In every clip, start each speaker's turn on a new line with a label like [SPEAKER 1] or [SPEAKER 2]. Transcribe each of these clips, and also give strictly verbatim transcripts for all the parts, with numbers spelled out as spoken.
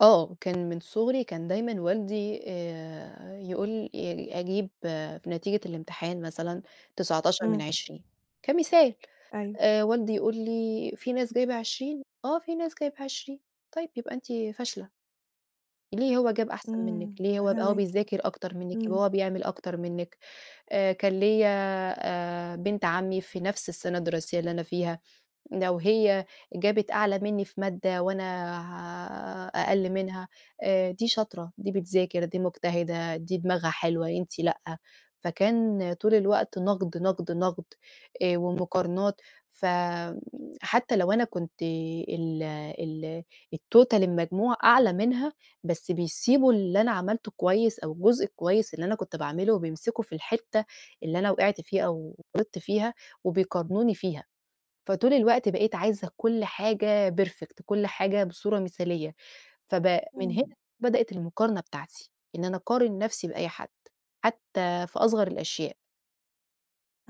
[SPEAKER 1] آه، كان من صغري كان دايمًا والدي آآ يقول يعني أجيب في نتيجة الامتحان مثلًا تسعتاشر من
[SPEAKER 2] إمم.
[SPEAKER 1] عشرين كمثال،
[SPEAKER 2] أيوه.
[SPEAKER 1] آآ والدي يقول لي: "في ناس جايبة عشرين؟"، "آه، فيه ناس جايبة عشرين."، "طيب، يبقى أنتِ فاشلة." "ليه هو جاب أحسن
[SPEAKER 2] إمم.
[SPEAKER 1] منِّك؟ ليه هو يبقى هو
[SPEAKER 2] فاهماكِ.
[SPEAKER 1] بيذاكر أكتر منِّك، يبقى
[SPEAKER 2] إمم.
[SPEAKER 1] هو بيعمل أكتر منِّك." آآ كان ليَّ آآ، بنت عمي في نفْس السَنة الدراسية اللي أنا فيها، لو هي جابت أعلى مني في مادة وأنا أقل منها آآ، "دي شاطرة، دي بتذاكر، دي مجتهدة، دي دماغها حلوة، أنتِ لأ." فكان طول الوقت نقد، نقد، نقد، آآ ومقارنات. ف حتى لو أنا كنت ال ال الTotal المجموع أعلى منها، بس بيسيبوا اللي أنا عملته كويس أو الجزء الكويس اللي أنا كنت باعمله وبيمسكوا في الحتّة اللي أنا وِقِعت فيها أو غلطت فيها وبيقارنوني فيها، فطول الوقت بقيت عايزة كل حاجة perfect، كل حاجة بصورة مثالية. فب من
[SPEAKER 2] إمم.
[SPEAKER 1] هنا بدأت المقارنة بتاعتي، إن أنا أقارن نفْسي بأي حد، حتى في أصغر الأشياء.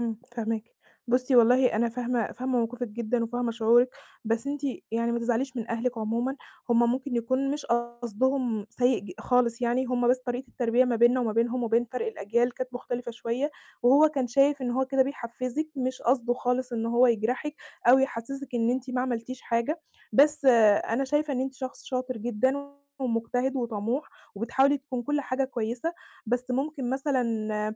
[SPEAKER 2] إمم، فاهماكِ. بُصي، والله أنا فاهمة فاهمة موقفِك جدًا وفاهمة شعورِك، بس أنتِ يعني ما تزعليش من أهلِك عمومًا، هُم ممكن يكون مش قصدهم سيء ج خالص يعني، هُم بس طريقة التربية ما بيننا وما بينهم وبين فَرْق الأجيال كانت مختلفة شوية وهو كان شايف إن هو كده بيحفّزِك، مش قصده خالص إن هو يجرحِك أو يحسسِك إن أنتِ ما عملتيش حاجة. بس أنا شايفة إن أنتِ شخص شاطر جدًا ومجتهد وطموح، وبتحاولي تكون كل حاجة كويسة، بس ممكن مثلًا آآ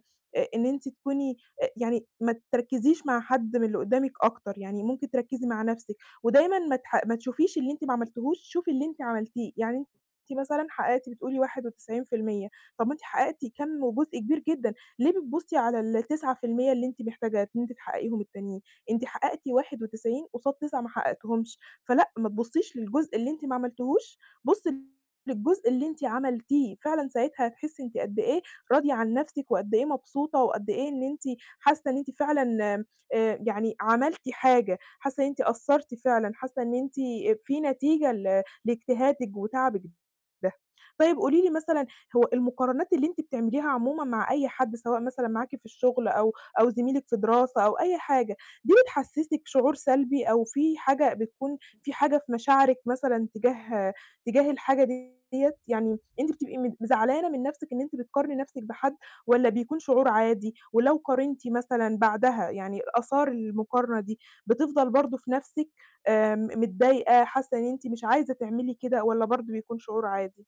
[SPEAKER 2] إن أنتِ تكوني آآ يعني ما تركّزيش مع حد من اللي قدامِك أكتر، يعني ممكن تركّزي مع نفْسِك. ودايمًا ما تح ما تشوفيش اللي أنتِ ما عملتيهوش، شوفي اللي أنتِ عملتيه. يعني أنتِ مثلًا حققتِ بتقولي واحد وتسعين في المِيّة طَب ما أنتِ حققتِ كَمّ وجزء كبير جدًا، ليه بتبُصي على التسعة في المِيّة اللي أنتِ محتاجة إن أنتِ تحققيهم التانيين؟ أنتِ حققتِ واحد وتسعين قصاد تسعة ما حققتيهمش. فلأ، ما تبُصيش للجزء اللي أنتِ ما عملتيهوش، بُصي للجزء اللي أنتِ عملتيه، فعلًا ساعتها هتحسي أنتِ قد إيه راضية عن نفْسِك وقد إيه مبسوطة وقد إيه إن أنتِ حاسة إن أنتِ فعلًا آآ يعني عملتِ حاجة، حاسة إن أنتِ أثَّرتِ فعلًا، حاسة إن أنتِ في نتيجة ل لاجتهادِك وتعبِك ده. طيب قولي لي مثلًا، هو المقارنات اللي أنتِ بتعمليها عمومًا مع أي حد سواء مثلًا معاكِ في الشغل أو أو زميلِك في دراسة أو أي حاجة، دي بتحسسِك شعور سلبي أو في حاجة بتكون في حاجة في مشاعرِك مثلًا تجاه تجاه الحاجة ديّة؟ يعني أنتِ بتبقي مت زعلانة من نفْسِك إن أنتِ بتقارني نفْسِك بحد والّا بيكون شعور عادي، ولو قارنتِ مثلًا بعدها، يعني آثار المقارنة دي بتفضَل برضو في نفْسِك آمم م متضايقة، حاسة إن أنتِ مش عايزة تعملي كده، والّا برضو بيكون شعور عادي؟